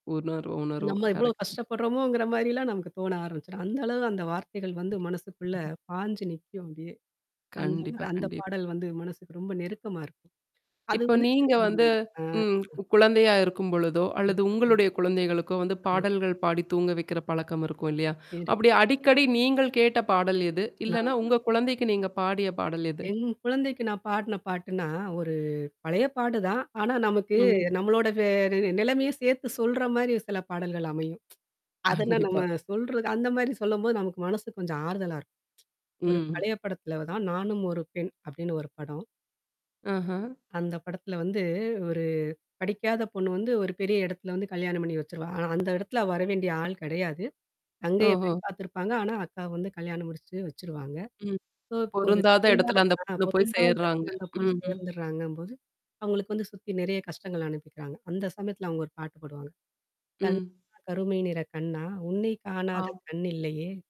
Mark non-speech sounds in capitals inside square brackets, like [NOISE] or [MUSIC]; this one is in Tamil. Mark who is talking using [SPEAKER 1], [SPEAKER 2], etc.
[SPEAKER 1] உணர்வு உணர்வு
[SPEAKER 2] நம்ம எவ்ளோ
[SPEAKER 1] கரெக்ட்டு தான்.
[SPEAKER 2] கஷ்டப்படுறோமோங்கிற மாரிலாம் நமக்கு தோண ஆரம்பிச்சுடும். அந்த அளவு அந்த வார்த்தைகள் வந்து மனசுக்குள்ள பாஞ்சு நிக்கும் அப்படியே. அந்த
[SPEAKER 1] கண்டிப்பா,
[SPEAKER 2] அந்த
[SPEAKER 1] கண்டிப்
[SPEAKER 2] பாடல் வந்து மனசுக்கு ரொம்ப நெருக்கமா இருக்கும். அது
[SPEAKER 1] இப்ப
[SPEAKER 2] வந்து
[SPEAKER 1] நீங்க
[SPEAKER 2] சிறமமா
[SPEAKER 1] வந்து
[SPEAKER 2] இருக்கும்.
[SPEAKER 1] ம்.
[SPEAKER 2] அ.
[SPEAKER 1] குழந்தையா இருக்கும்பொழுதோ, அல்லது உங்களுடைய குழந்தைகளுக்கோ வந்து
[SPEAKER 2] ம்.
[SPEAKER 1] பாடல்கள் பாடி தூங்க வைக்கிற பழக்கம் இருக்கும். இல்லையா? அப்படி
[SPEAKER 2] இருக்கு.
[SPEAKER 1] அடிக்கடி நீங்கள் கேட்ட பாடல் எது? இல்லன்னா
[SPEAKER 2] நால்னா
[SPEAKER 1] உங்க குழந்தைக்கு நீங்க பாடிய பாடல் எது?
[SPEAKER 2] என் குழந்தைக்கு நான் பாடுன பாட்டுன்னா, ஒரு பழைய பாட்டு தான். ஆனா நமக்கு
[SPEAKER 1] ம்.
[SPEAKER 2] நம்மளோட வே நிலைமைய சேர்த்து சொல்ற மாரி சில பாடல்கள் அமையும். [TSK] அதெல்லா
[SPEAKER 1] கண்டிப்பா.
[SPEAKER 2] நம்ம சொல்றது அந்த மாரி சொல்லும்போது நமக்கு மனசுக்கு கொஞ்சம் ஆறுதலா இருக்கும். [TSK] ஒரு
[SPEAKER 1] ம்.
[SPEAKER 2] பழைய படத்துல தான், நானும் ஒரு பெண் அப்படின்னு ஒரு படம்.
[SPEAKER 1] ஆஹா.
[SPEAKER 2] அந்த படத்துல வந்து ஒரு படிக்காத பொண்ணு வந்து ஒரு பெரிய இடத்துல வந்து கல்யாணம் பண்ணி வச்சுருவாங்க. ஆனா அந்த இடத்துல வர வேண்டிய ஆள் கிடையாது. தங்கைய
[SPEAKER 1] ஓஹோ!
[SPEAKER 2] பெண் பார்த்துருப்பாங்க. ஆனா அக்கா வந்து கல்யாணம் முடிச்சு வச்சுருவாங்க.
[SPEAKER 1] ம்.
[SPEAKER 2] சோ இப்போ ஒரு
[SPEAKER 1] பொருந்தாத
[SPEAKER 2] பெண்ணா
[SPEAKER 1] இடத்துல அந்த
[SPEAKER 2] [UNINTELLIGIBLE]
[SPEAKER 1] பொண்ணு போய்
[SPEAKER 2] வந்து
[SPEAKER 1] சேர்றாங்க.
[SPEAKER 2] அந்த பொண்ணு
[SPEAKER 1] ம்ஹ்ம்.
[SPEAKER 2] சேர்ந்துடுறாங்கபோது. அவங்களுக்கு வந்து சுத்தி நெறைய கஷ்டங்கள் அனுப்பிக்கிறாங்க. அந்த சமயத்துல அவுங்க ஒரு பாட்டு பாடுவாங்க. "கண்ணா!
[SPEAKER 1] ம்.
[SPEAKER 2] கருமை நிற கண்ணா! உன்னை காணாத
[SPEAKER 1] ஆ.
[SPEAKER 2] கண் இல்லையே?"